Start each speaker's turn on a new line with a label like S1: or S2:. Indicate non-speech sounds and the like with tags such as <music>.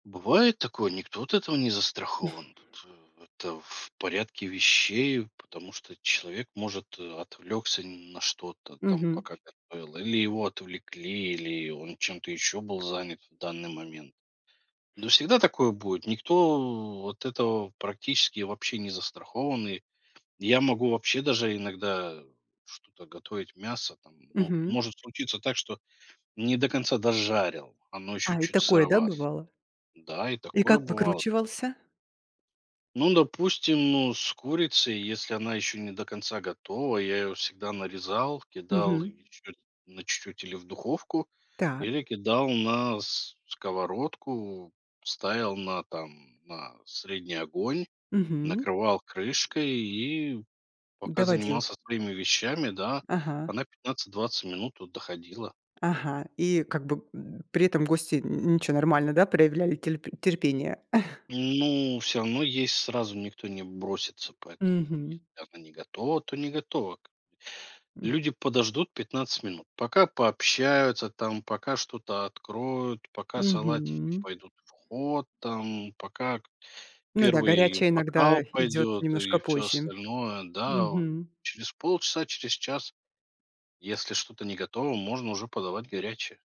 S1: Бывает такое, никто от этого не
S2: <chuckles>
S1: застрахован, это это в порядке вещей, потому что человек может, э, отвлекся на что-то там
S2: Мгм.
S1: пока готовил или его отвлекли, или он чем-то еще был занят в данный момент. Ну всегда такое будет, никто от этого практически вообще не застрахован. И я могу вообще даже иногда что-то готовить, мясо, там, ну
S2: Мгм.
S1: может случиться так что не до конца дожарил, оно еще
S2: А и
S1: чуть
S2: такое, да,
S1: сыровато,
S2: бывало?
S1: да, и
S2: И
S1: такое
S2: как
S1: бывало.
S2: выкручивался?
S1: Ну допустим, ну с курицей, если она еще не до конца готова, я ее всегда нарезал, кидал
S2: Мгм.
S1: ее чуть на чуть-чуть, или в духовку,
S2: Так.
S1: или кидал на с сковородку, ставил на, там, на средний огонь,
S2: Мгм.
S1: накрывал крышкой, и пока
S2: Доводил.
S1: занимался своими вещами, да,
S2: Ага.
S1: она 15-20 минут вот доходила.
S2: Ага. И как бы, м, при этом гости н ничего, нормально, да, проявляли терп терпение? <chuckles>
S1: Ну всё равно есть сразу никто не бросится, поэтому,
S2: Мгм.
S1: если явно не готова, то не готова как бы.
S2: М.
S1: Люди подождут 15 минут, пока пообщаются, там, пока что-то откроют, пока салатики
S2: Мгм.
S1: пойдут в ход, там, пока к
S2: Ну да,
S1: 1
S2: горячее иногда
S1: бокал
S2: идёт
S1: пойдет
S2: немножко
S1: и всё
S2: позже.
S1: остальное, да, вот
S2: Мгм.
S1: через полчаса через час если что-то не готово, можно уже подавать горячее.